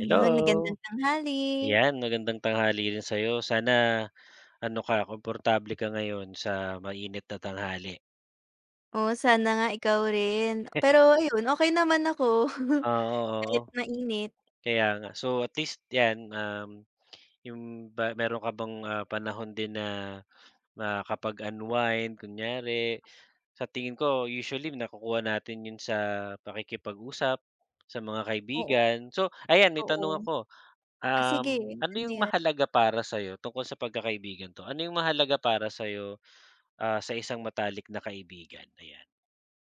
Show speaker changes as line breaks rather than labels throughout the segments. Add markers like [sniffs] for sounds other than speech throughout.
Iyun, magandang tanghali.
Ayan magandang tanghali rin sa'yo, sana ano ka, komportable ka ngayon sa mainit na tanghali.
Oo, sana nga ikaw rin.
[chuckles]
Pero, ayun, okey naman ako. [chuckles]
Ah, oh,
Kahit
oo.
mainit.
Kaya nga. So, at least yan, um, yung ba meron ka bang, ah, panahon din na makapag-unwind kunyari? Sa tingin ko usually nakukuha natin yun sa pakikipag-usap sa mga
Oo.
kaibigan. So, ayan may tanong
Oo.
ako,
Ah, sige,
um, ano
ano
yung
'yan?
mahalaga para sa'yo, tungkol sa pagkakaibigan 'to, ano yung mahalaga para sa'yo, ah, sa isang matalik na kaibigan? Ayan.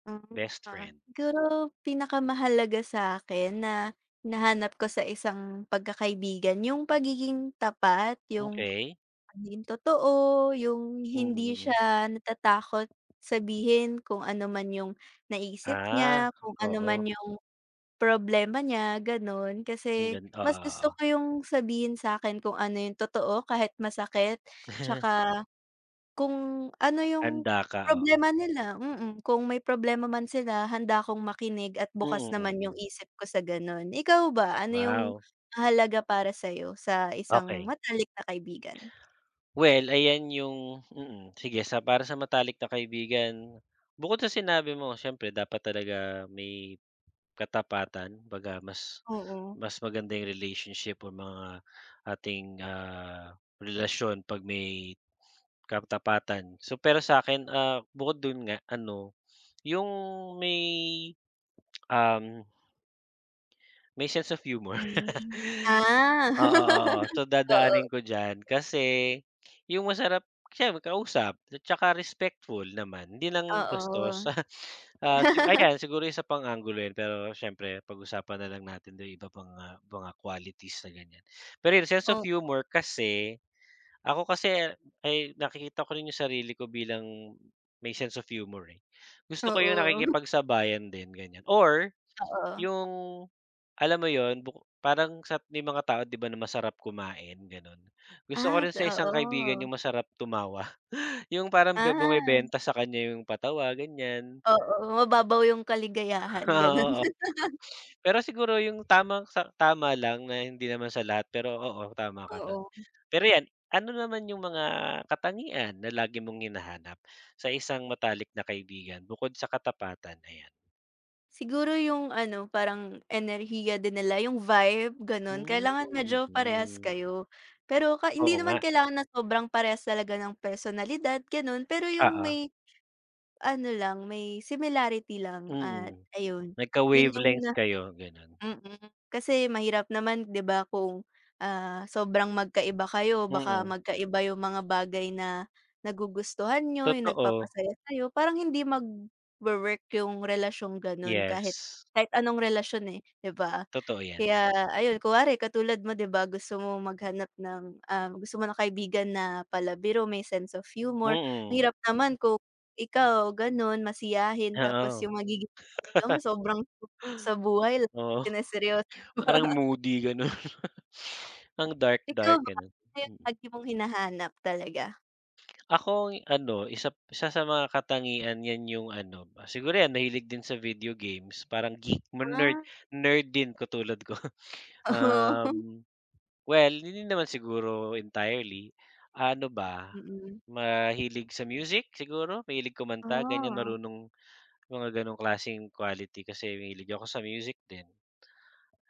Mm.
Best
Ah,
friend.
siguro pinakamahalaga sa'kin na, hinahanap ko sa isang pagkakaibigan, yung pagiging tapat, yung
Okey.
maging totoo, yung hindi
Mm.
siya natatakot sabihin kung ano man yung naisip
Ah,
niya, kung ano man
oo.
yung problema niya, gano'n.
Ang
Kasi
gan oo,
mas gusto
oo.
ko yung sabihin sa'kin kung ano yung totoo, kahit masakit, tsaka, kung ano yung
Handa ka. Oo.
problema nila, mm, kung may problema man sila handa akong makinig, at bukas
Mm.
naman yung
Mm.
isip ko sa gano'n. Ikaw ba, ano yung
Wow.
mahalaga para sa'yo sa isang
Okey.
matalik na kaibigan?
Well, ayan yung, mm, sige sa para sa matalik na kaibigan, bukod sa sinabi mo, siyempre dapat talaga may katapatan, kumbaga mas
Oo.
mas maganda yung relationship o mga ating, ah, relasyon 'pag may katapatan. So, pero sa'kin, ah, bukod dun nga ano, yung may, um. May sense of humor. [laughs]
Mm. Ah.
Oo, oo.
[laughs]
So
Oo.
dadaanin ko diyan. Kasi yung masarap, siyem kausap, tsaka respectful naman, 'di lang
Oo.
bastos. [laughs] Ah, sigu ayan siguro isa pang anggulo yun, pero siyempre pagusapan na lang natin dito yung iba pang, ah, mga qualities na ganyan. Pero yun, sense of
Oo.
humor kasi, ako kasi ay nakikita ko rin yung sarili ko bilang may sense of humor, eh, gusto ko yung
Oo. [chuckles]
nakikipagsabayan din ganyan. Or
Oo.
yung, alam mo yun? Buko parang sa, may mga tao, 'di ba na masarap kumain? Gano'n. Gusto ko
At,
rin sa isang kaibigan yung
oo.
masarap tumawa. [chuckles] Yung parang be
Ah.
bumebenta sa kanya yung patawa ganiyan.
Oo. Mababaw yung kaligayahan, gano'n.
Oo, oo.
[laughs]
Pero siguro yung tamang sa tama lang na hindi naman sa lahat, pero oo, tama ka dun.
Oo.
Pero yan, ano naman yung mga katangian na lagi mong hinahanap sa isang matalik na kaibigan bukod sa katapatan? Ayan.
Siguro yung ano parang enerhiya din nila yung vibe gano'n
Hmm,
kailangan medyo parehas
mhm.
kayo. Pero ka hindi
Oo
naman
nga.
kailangan na sobrang parehas talaga ng personalidad gano'n, pero yung
Oo.
may, ano lang may similarity lang at
Mm,
ayun, 'yon yung
nagka-wavelengths
na
kayo, gano'n.
mm kasi mahirap naman 'di ba, kung, ah, sobrang magkaiba kayo baka
Mm.
magkaiba yung mga bagay na nagugustuhan niyo, yung
Totoo.
nagpapasaya sayo parang hindi mag-wowork yung relasyong gano'n kahit,
Yes.
kahit anong relasyon, eh, 'di ba?
Totoo yan.
Kaya ayun kunwari katulad mo 'di ba, gusto mo maghanap ng, ah, gusto mo ng kaibigan na palabiro may sense of humor,
Mm.
mahirap naman kung ikaw gano'n masiyahin tapos
Oo.
yung magiging jowa mo
[laughs]
sobrang sa buhay lagi
Oo.
lang seryo
Parang
[laughs]
moody gano'n. [sniffs] Ang dark
Ikaw
dark
ba,
gano'n,
ano yung
mm.
lagi mong hinahanap talaga?
[smacks lips] Ako ano 1, 1 sa mga katangian yan yung ano siguro yan mahilig din sa video games parang geek mo nerd,
Ah.
nerd din katulad ko.
Oo.
Um, well hindi naman siguro entirely, ano ba,
Mm.
mahilig sa music siguro, mahilig kumanta ganyan,
Ah.
marunong mga ganong klaseng quality kasi mahilig ako sa music din.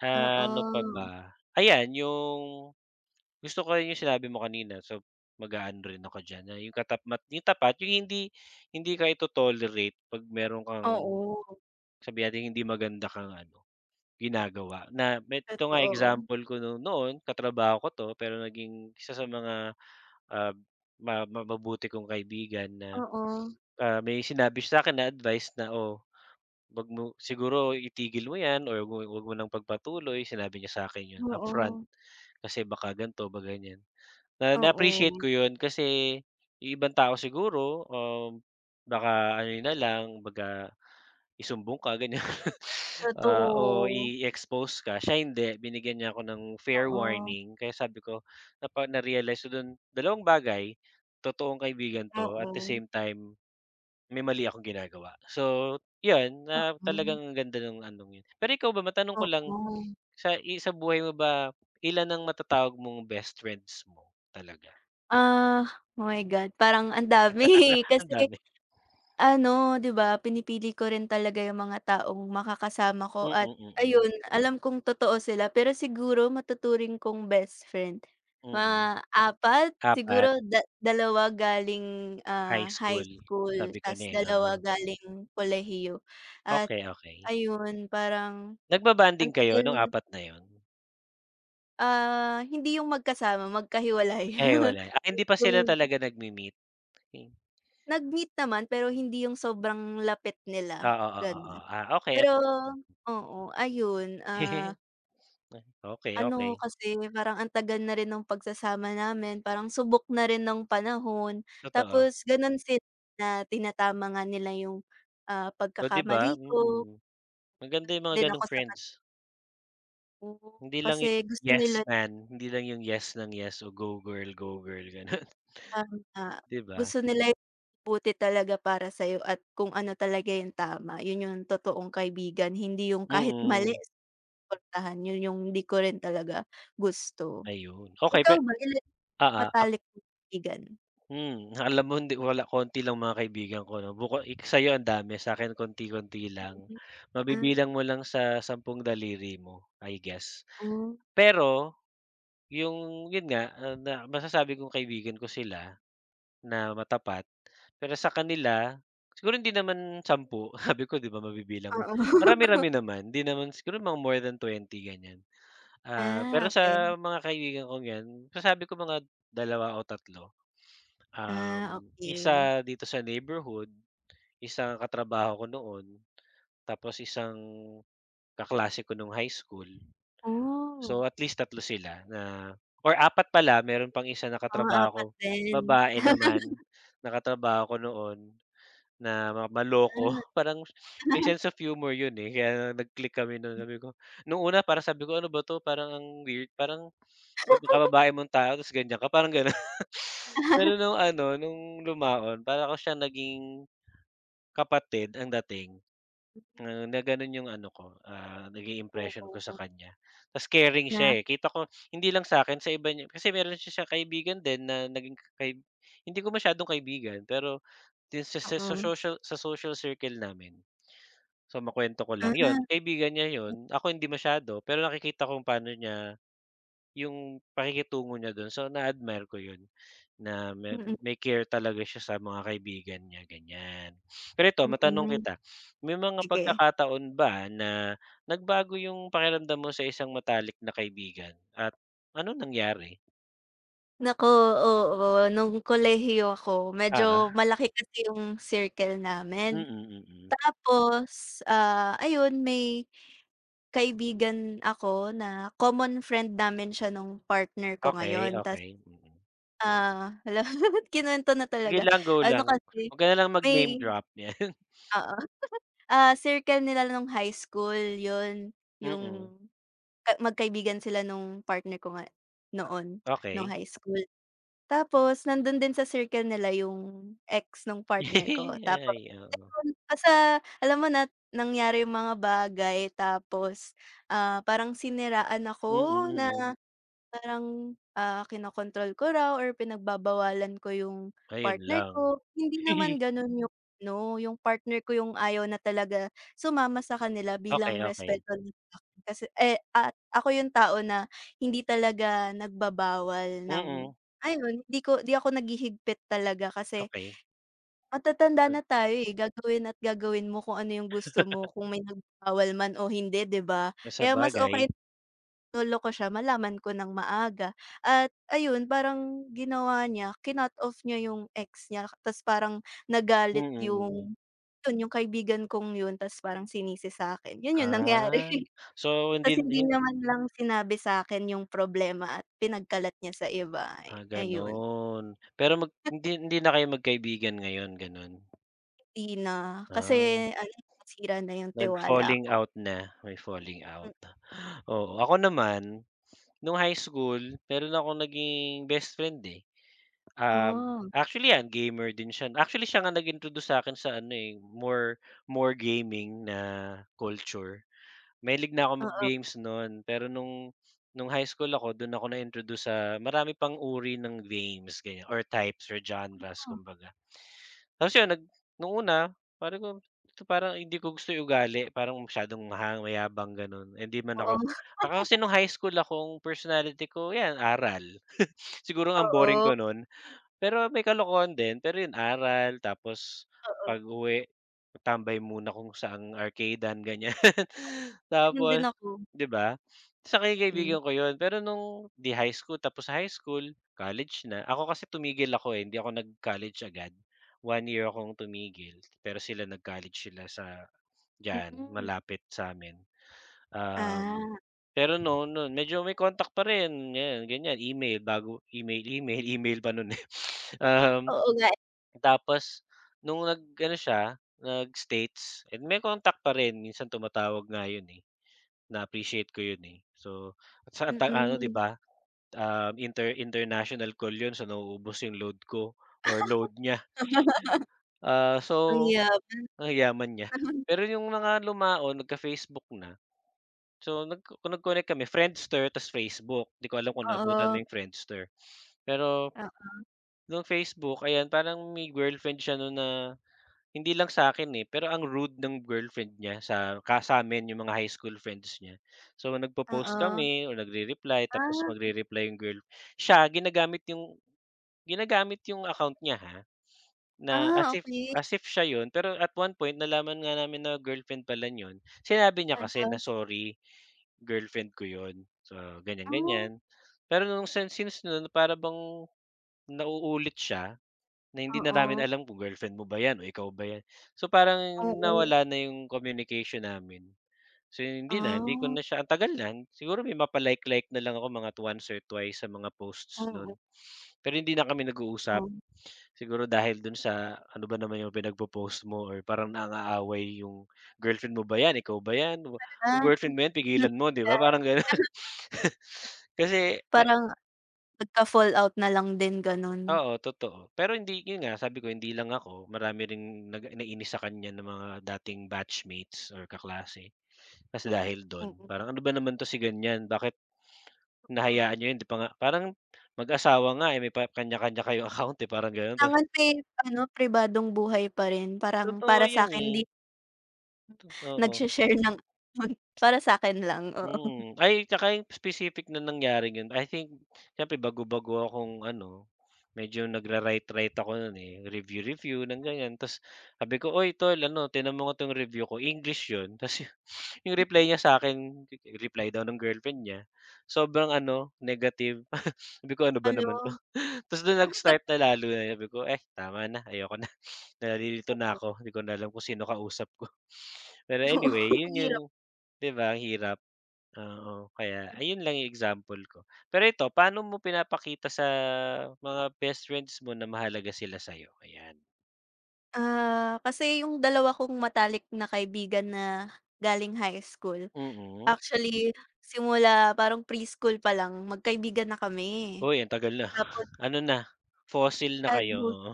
Ah, ano pa
Oo.
ba ayan yung, gusto ko rin yung sinabi mo kanina so mag-aano rin ako diyan na yung katapmat yung tapat yung hindi, hindi ka ito-tolerate pag mayro'n kang
Oo.
sabihin na nating hindi maganda kang ano ginagawa na me ito nga
Totoo.
example ko 'no. Noon katrabaho ko 'to, pero naging 1 sa mga, ah, ma maba buti kong kaibigan na,
Oo.
ah, may sinabi sa 'kin na advice na, "oh, 'wag mo siguro itigil mo 'yan or wa, wa, 'wag mo 'wag mo ng pagpatuloy" sinabi niya sa akin 'yon upfront.
Oo.
Kasi baka ganto ba ganyan, na na-appreciate
Oo.
ko 'yon kasi yung ibang tao siguro, um, baka ano na lang kumbaga isumbong ka ganyan, ah, o
Totoo.
i-expose ka siya hindi binigyan niya ako ng fair
Oo.
warning kaya sabi ko, napa narealize ko do'n dalawang bagay, totoong kaibigan 'to at the
Oo.
same time, may mali akong ginagawa. So, 'yon na
Oo.
talagang ganda nung anong 'yon. Pero ikaw ba matanong ko lang
Oo.
sa, i sa buhay mo ba ilan ang matatawag mong best friends mo talaga?
Ah, oh my God! Parang ang dami, eh,
[laughs] Ang
kasi,
dami.
ano 'di ba, pinipili ko rin talaga yung mga taong makakasama ko,
Mhm,
at
mhm.
ayun alam kong totoo sila. Pero siguro matuturing kong best friend,
Mhm.
mga 4
4
siguro da dalawa galing,
High
ah, high
school.
school
Sabi ko
tapos
na, eh,
2
oo.
galing kolehiyo at
Okey, okey.
ayun parang ang
Nagba-bonding kayo nung
tagal
4 na yon?
Ah, hindi yung magkasama, magkahiwalay,
Eh,
[chuckles]
hiwalay. Ah, hindi pa sila
yung
talaga nagmi-meet? Yun.
Nag-meet naman, pero hindi yung sobrang lapit
Oo,
nila,
oo,
gano'n.
oo, ah okey.
Pero
Mm.
oo, ayun, ah
[giggles] [sniffs] Okey,
ano
okey.
kasi, parang ang tagal na rin ng pagsasama namin, parang subok na rin ng panahon.
Totoo.
Tapos gano'n sila na tinatama nga nila yung, ah,
Oh, 'di
pagkakamali
ba?
ko.
Mm, maganda yung mga
Din ako
ganong
saka
friends.
Oo,
Hindi lang yung,
kasi gusto
"Yes,
nila
man," hindi lang yung "Yes nang yes, o go girl, go girl," gano'n. [snorts]
tama,
'Di ba?
gusto nila yung mabuti talaga para sa'yo at kung ano talaga yung tama 'yon yung totoong kaibigan, hindi yung kahit mali
Mm.
susuportahan. 'Yon yung 'di ko rin talaga gusto.
Ayun, okey pe
Ikaw ba, ilan yung
oo, a
matalik mong kaibigan?
Hmm, alam mo hindi ko wala konti lang mga kaibigan ko 'no, buko i sa'yo ang dami, sa'kin konti-konti lang.
Mm, ah.
Mabibilang mo lang sa sampung daliri mo, I guess.
Oh.
Pero, yung, 'yon nga, ah, na masasabi kong kaibigan ko sila na matapat. Pero sa kanila, siguro hindi naman 10 [snorts] sabi ko 'di ba mabibilang mo.
Oo. [laughs]
Marami-rami naman 'di naman siguro mga more than 20 ganiyan. Ah,
Ah,
pero
okey.
sa mga kaibigan kong 'yan, masasabi ko mga 2 o 3. [sniffs] um,
Ah, okey.
1 dito sa neighborhood, isang katrabaho ko noon, tapos isang kaklase ko nung high school.
Oh.
So, at least 3 sila na or 4 pala mayro'n pang 1 na
Mga
katrabaho ko,
4 din.
babae naman,
[laughs]
[sniffs] nakatrabaho ko noon na ma maloko
Ah.
[chuckles] parang [sniffs] may
[laughs]
sense of humor 'yon, eh, kaya nag-click kami no'n
M.
sabi ko, nung una para sabi ko, "Ano ba 'to parang ang weird, parang kab
[laughs]
kababae mong tao tapos ganiyan ka." parang gano'n. [snorts] [sniffs] Pero
[giggles]
nung ano, nung lumaon para ko siya naging, kapatid ang dating
M.
na gano'n yung ano ko, ah, naging impression ko sa
[unintelligible]
kanya. Tapos caring
Na?
siya, eh, kita ko [sniffs] hindi lang sa'kin, sa iba niya kasi mayro'n siyang kaibigan din na naging kay hindi ko masyadong kaibigan, pero do'n sa sa sa
Oo.
social, sa social circle namin. So, makuwento ko
Ah.
lang. 'Yon, kaibigan niya 'yon, ako hindi masyado. Pero nakikita kong pano niya yung pakikitungo niya do'n, so na admire ko 'yon, na ma
Mm.
may care talaga siya sa mga kaibigan niya, ganiyan. [sniffs] Pero ito matanong
Mm.
kita [sniffs] may mga
Sige.
pagkakataon ba na nagbago yung pakiramdam mo sa isang matalik na kaibigan at anong nangyari?
Naku, oo. Nung kolehiyo ako,
Uh-huh.
medyo malaki kasi yung circle namin.
Mm, mm.
Tapos, ah, ayun may kaibigan ako na common friend namin siya nung partner ko
Okey,
ngayon. Tas
okey, mm.
ah, hala, kinuwento na
Sige
talaga.
lang, go
Ano
lang.
kasi
'Wag ka na lang mag-name
may
drop, yan. [scoffs]
Oo, [chuckles] ah, circle nila nung high school yun, yung
Mm.
ka magkaibigan sila nung partner ko nga noon, nung
Okey.
high school .Tapos nandun din sa circle nila yung ex nung partner ko.
[laughs]
Tapos,
Ay oo.
alam mo nasa alam mo nat nangyari yung mga bagay, tapos ah, parang siniraan ako
Mm,
na,
mm.
parang, ah, kinakontrol ko raw or pinagbabawalan ko yung
Ayun
partner
lang.
ko. Hindi naman
[giggles]
ganun yung ano, yung partner ko yung ayaw na talaga sumama sa kanila
Okey,
bilang
okey.
respeto nya sa'kin kasi eh, at ako yung tao na hindi talaga nagbabawal ng
Mm.
ayun 'di ko, 'di ako naghihigpit talaga kasi
Okey.
matatanda na tayo eh, gagawin at gagawin mo kung ano yung gusto mo,
[laughs]
kung may nagbabawal man o hindi, 'di ba.
Na
Kaya mas okey
sabagay.
loloko siya malaman ko ng maaga. At ayun parang ginawa niya cinut-off niya yung ex niya, 'tas parang
Mm,
nagalit
mm.
yung, yun yung kaibigan kong yun, tas parang sinisi sa'kin. Yun yung nangyari.
Ah, so hindi,
'Tas hindi
hin
niya man lang sinabi sa'kin yung problema at pinagkalat niya sa iba, eh,
Ah,
ayun.
ganun. Pero mag hindi hindi na kayo magkaibigan ngayon, ganun?
Hindi na, kasi
Ah.
ano, nasira na yung
Nag
tiwala
falling
ko.
out na, may falling
Hmm.
out. Oo. Ako naman, no'ng high school, meron akong naging best friend, eh. Um,
Ah.
actually yan, gamer din siya. Actually siya nga nag-introduce sa akin sa ano, eh, more more gaming na culture. Mahilig na ako mag
Oo.
games no'n, pero no'ng no'ng high school ako, do'n ako na-introduce sa marami pang uri ng games, ganyan or types, or genres,
Mhm.
kumbaga. Tapos yun nag no'ng una, sabi ko parang hindi ko gusto yung ugali, parang masyadong mahang mayabang, ganon. Eh, hindi man
Oo.
ako ako kasi
[chuckles]
no'ng high school akong personality ko, yan, aral. [scoffs] Siguro ang boring
Oo.
ko no'n. Pero may kalokohan din pero yun aral, tapos
Oo.
pag-uwi, tambay muna kung saang arcade-an, ganyan.
Ganun din
Tapos
ako.
'di ba? Saka yung
Mm.
kaibigan ko yun pero no'ng 'di high school tapos high school, college na. Ako kasi tumigil ako, eh, hindi ako nag-college agad. 1 year akong tumigil, pero sila nag-college sila sa, diyan
Mm.
malapit sa'min. Um,
Ah.
pero no'n no'n medyo may contact pa rin. Ngayon, ganyan, email, bago email, email. Email pa no'n, eh. [sniffs] Um,
Oo nga, eh.
tapos no'ng nag ano siya, nag-states, may contact pa rin, minsan tumatawag nga yun, eh. Na-appreciate ko yun, eh. So, saan tayo ano 'di
Mm.
ba, um, inter international call yun. So nauubos yung load ko or load niya.
[laughs]
Ah,
Ang
so
yaman.
ang yaman niya.
[chuckles]
Pero yung mga lumaon, nagka-Facebook na. So nagko nag-connect kami, Friendster, ta's Facebook. 'Di ko alam kung naabutan mo
Oo.
yung Friendster, pero,
Oo.
nong Facebook, ayan, parang may girlfriend siya no'n na hindi lang sa akin, eh, pero ang rude ng girlfriend niya, sa ka sa amin, yung mga high school friends niya. So nagpo-post
Oo.
kami o nagre-reply tapos
Ah.
magre-reply yung girl. Siya, ginagamit 'yong ginagamit 'yong account niya ha, na as
Ah,
if
okey.
as if siya yun. Pero at one point, nalaman nga namin na girlfriend pala niya 'yon, sinabi niya kasi na
[unintelligible]
sorry, girlfriend ko yun. So
Ah.
ganyan-ganyan pero no'ng sin since no'n para bang nauulit siya, na hindi na namin
Oo.
alam kung girlfriend mo ba yan o ikaw ba yan? So parang
Oo.
nawala na yung communication namin. So hindi na hindi ko
Ah.
na siya ang tagal na. Siguro may mga pa-like like na lang ako mga at once or twice sa mga posts
Mm.
no'n pero hindi na kami nag-uusap.
Mm.
Siguro dahil do'n sa ano ba naman yung pinagpo-post mo or parang nang-aaway yung girlfriend mo ba 'yan? Ikaw ba 'yan? Kung girlfriend mo yan, pigilan mo, 'di ba? Parang ganun.
[unintelligible]
Kasi may
Parang, nagka-fall out na lang din, ganun.
Oo, totoo. Pero hindi yun nga, sabi ko, hindi lang ako. Marami ring naga nainis sa kanya na mga dating batchmates or kaklase, kasi dahil do'n.
Mm.
Parang ano ba naman 'to si ganyan, bakit hinahayaan
[unintelligible]
niyo yan? Hindi pa nga parang mag-asawa nga, eh, may pa kanya-kanya kayong account, eh, parang ganon. Ta
Kailangan may ano, pribadong buhay pa rin. Parang
Totoo
para
yan,
sakin di
eh. Totoo.
nagshe-share ng. [unintelligible] Para sakin lang, oo.
Mm. Ay tsaka yung specific na nangyari ganon. I think, siyempre bago-bago akong ano, medyo nag-ra-write write ako no'n, eh, review-review ng ganyan, ta's sabi ko, "Uy, tol ano, tingnan mo nga tong review ko." English 'yon, ta's 'yong
[unintelligible]
reply niya sa akin, reply daw ng Girlfriend niya. Sobrang ano, negative. [chuckles] Sabi ko, "Ano ba naman
Hala!
'to." Ta's do'n
[unintelligible]
nag-start na lalo na sabi ko, "Eh, tama na, ayoko na, nalilito na
[unintelligible]
ako, hindi ko na alam kung sino kausap ko." Pero
Oo,
anyway,
ang
yun yung
hirap.
'di ba ang hirap? Oo, kaya ayun lang yung example ko. Pero ito, paano mo pinapakita sa mga best friends mo na mahalaga sila sayo? Ayan.
Ah, kasi yung dalawa kong matalik na kaibigan na galing high school,
Mm.
actually, simula parang preschool palang magkaibigan na kami.
Uy, ang tagal na.
Tapos
Ano na, fossil na
Ah,
kayo,
good
oo.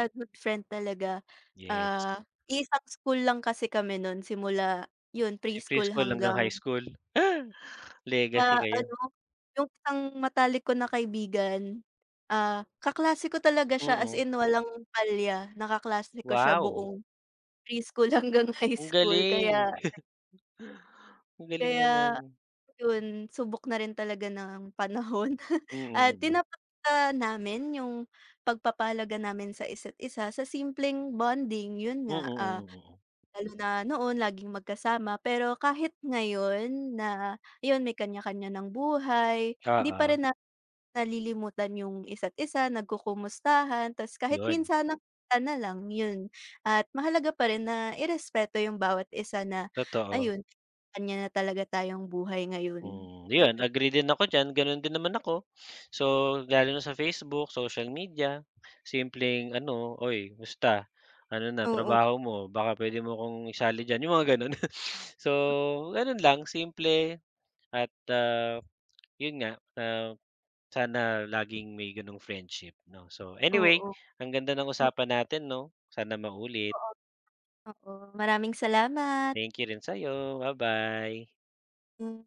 ah, good friend talaga.
Yes.
Ah, iisang school lang kasi kami nun simula yun
Kasi
preschool
preschool hanggang high
hanggang
school. Legacy
Ah,
kayo.
ano, yung isang matalik ko na kaibigan, ah, kaklase ko talaga siya, as
Mm.
in, walang palya na kaklase ko siya
Wow.
buong preschool hanggang high
Ang
school
galing.
kaya
Ang galing
Kaya,
naman.
yun subok na rin talaga ng panahon, at
Mm, mm.
tinatapatan namin yung pagpapahalaga namin sa isa't isa sa simpleng bonding, yun
Mm,
nga, ah,
mm, mm.
lalo na noon, laging magkasama pero kahit ngayon na, yun, may kanya-kanya ng buhay, hindi pa
Oo.
rin namin nalilimutan yung isa't isa. Nagkukumustahan, tas kahit
‘Yon.
minsan na pagkikita na lang, yun. At mahalaga pa rin na irespeto yung bawat isa na,
Totoo.
ayun, na may kaniya-kaniya na talaga tayong buhay ngayon,
Hmm. ‘Yon,
ayun.
agree din ako diyan. Ganun din naman ako. So, lalo na sa Facebook, social media. Simpleng ano, "Uy musta? Ano na
Oo.
trabaho mo? Baka puwede mo ‘kong isali diyan." Yung mga ganon. [chuckles] So, ganun lang, simple at ah, yun nga, ah, sana laging may ganong friendship, ‘no? So, anyway,
Oo.
ang ganda ng
O
usapan natin, ‘no? Sana maulit.
Oo. Oo, maraming salamat.
Thank you rin sa’yo. Ba-bye.
Mm.